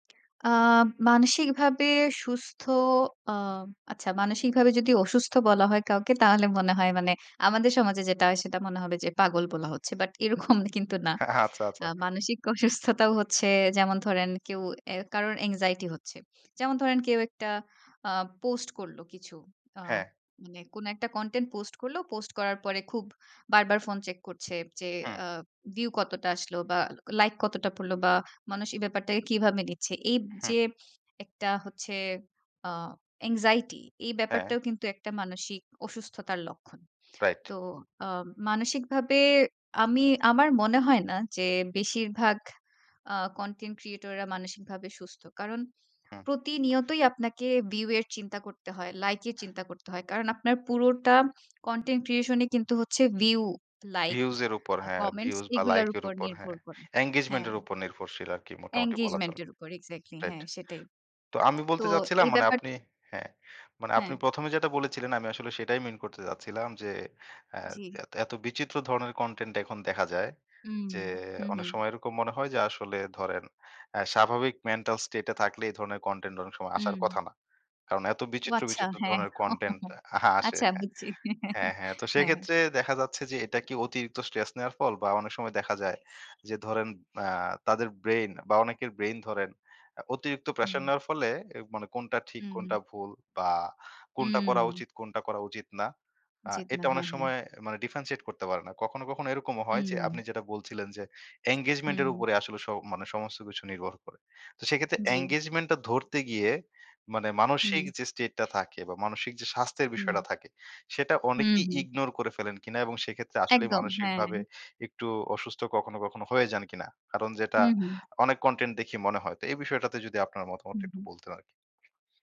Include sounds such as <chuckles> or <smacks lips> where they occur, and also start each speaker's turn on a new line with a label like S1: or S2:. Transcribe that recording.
S1: <smacks lips> আ মানসিকভাবে সুস্থ আ আচ্ছা মানসিকভাবে যদি অসুস্থ বলা হয় কাউকে, তাহলে মনে হয় মানে আমাদের সমাজে যেটা হয় সেটা মনে হবে যে পাগল বলা হচ্ছে। বাট এরকম কিন্তু না।
S2: হ্যাঁ আচ্ছা, আচ্ছা।
S1: আ মানসিক অসুস্থতাও হচ্ছে যেমন ধরেন কেউ অ্যা কারো anxiety হচ্ছে। যেমন ধরেন কেউ একটা আ পোস্ট করল কিছু। আ
S2: হ্যাঁ।
S1: মানে কোন একটা কনটেন্ট পোস্ট করল। পোস্ট করার পরে খুব বারবার ফোন চেক করছে যে
S2: হুম।
S1: আ ভিউ কতটা আসলো বা লাইক কতটা পড়ল বা মানুষ এই ব্যাপারটাকে কীভাবে নিচ্ছে? এই
S2: হুম।
S1: যে একটা হচ্ছে আ anxiety এই
S2: হ্যাঁ।
S1: ব্যাপারটাও কিন্তু একটা মানসিক অসুস্থতার লক্ষণ।
S2: রাইট।
S1: তো আ মানসিকভাবে আমি আমার মনে হয় না যে বেশিরভাগ আ কনটেন্ট ক্রিয়েটররা মানসিকভাবে সুস্থ। কারণ
S2: হুম।
S1: প্রতিনিয়তই আপনাকে ভিউ এর চিন্তা করতে হয়, লাইকের চিন্তা করতে হয়। কারণ আপনার পুরোটা content creation ই কিন্তু হচ্ছে ভিউ, লাইক,
S2: views এর উপর,
S1: আ
S2: হ্যাঁ,
S1: কমেন্টস
S2: views বা
S1: এগুলার
S2: লাইকের
S1: উপর
S2: উপর,
S1: নির্ভর
S2: হ্যাঁ।
S1: করে।
S2: engagement
S1: হ্যাঁ।
S2: এর উপর নির্ভরশীল আরকি মোটামুটি বলা
S1: engagement
S2: চলে,
S1: এর উপর এক্সাক্টলি
S2: রাইট।
S1: হ্যাঁ সেটাই।
S2: তো আমি
S1: <smacks lips> তো
S2: বলতে চাচ্ছিলাম
S1: এই
S2: মানে
S1: ব্যাপার
S2: আপনি হ্যাঁ, মানে
S1: হ্যাঁ।
S2: আপনি ১ম এ যেটা বলেছিলেন, আমি আসলে সেটাই মিন করতে চাচ্ছিলাম। যে অ্যা
S1: জি।
S2: এত বিচিত্র ধরনের কনটেন্ট এখন দেখা যায়।
S1: হুম।
S2: যে
S1: হু,
S2: অনেক
S1: হুম।
S2: সময় এরকম মনে হয় যে আসলে ধরেন অ্যা স্বাভাবিক mental state এ থাকলে এই ধরনের কনটেন্ট অনেক সময় আসার
S1: হুম।
S2: কথা না। কারণ এত
S1: ও
S2: বিচিত্র,
S1: আচ্ছা,
S2: বিচিত্র
S1: হ্যাঁ।
S2: ধরনের কনটেন্ট
S1: <chuckles>
S2: <scoffs> আ আসে।
S1: আচ্ছা, বুঝছি।
S2: হ্যাঁ,
S1: <chuckles>
S2: হ্যাঁ। তো
S1: হ্যাঁ।
S2: সেক্ষেত্রে দেখা যাচ্ছে যে এটা কি অতিরিক্ত স্ট্রেস নেওয়ার ফল? বা অনেক সময় দেখা যায় যে ধরেন আ তাদের ব্রেইন বা অনেকের ব্রেইন ধরেন আ অতিরিক্ত প্রেশার
S1: হু।
S2: নেওয়ার ফলে এ মানে কোনটা ঠিক,
S1: হুম, হুম।
S2: কোনটা ভুল, বা কোনটা করা
S1: উম
S2: উচিত, কোনটা করা উচিত না, আ
S1: উচিত না,
S2: এটা অনেক
S1: হ্যাঁ, হ্যাঁ।
S2: সময় মানে differentiate করতে পারে না। কখনো, কখনো এরকমও হয় যে
S1: হুম।
S2: আপনি যেটা বলছিলেন যে engagement
S1: হুম,
S2: এর
S1: হুম।
S2: উপরে আসলে স মানে সমস্ত কিছু নির্ভর করে। তো সেক্ষেত্রে
S1: জি।
S2: engagement টা ধরতে গিয়ে মানে মানসিক
S1: হুম।
S2: যে স্টেটটা থাকে, বা মানসিক যে স্বাস্থ্যের
S1: হুম।
S2: বিষয়টা থাকে, সেটা
S1: হুম,
S2: অনেকেই
S1: হুম।
S2: ইগনোর করে ফেলেন কিনা এবং সেক্ষেত্রে আসলেই
S1: একদম, হ্যাঁ।
S2: মানসিকভাবে একটু অসুস্থ কখনো, কখনো হয়ে যান কিনা? কারণ যেটা,
S1: হুম, হুম।
S2: অনেক কনটেন্ট দেখি মনে হয়। তো এই বিষয়টাতে যদি আপনার মতামতটা
S1: হুম,
S2: একটু
S1: হুম।
S2: বলতেন আরকি?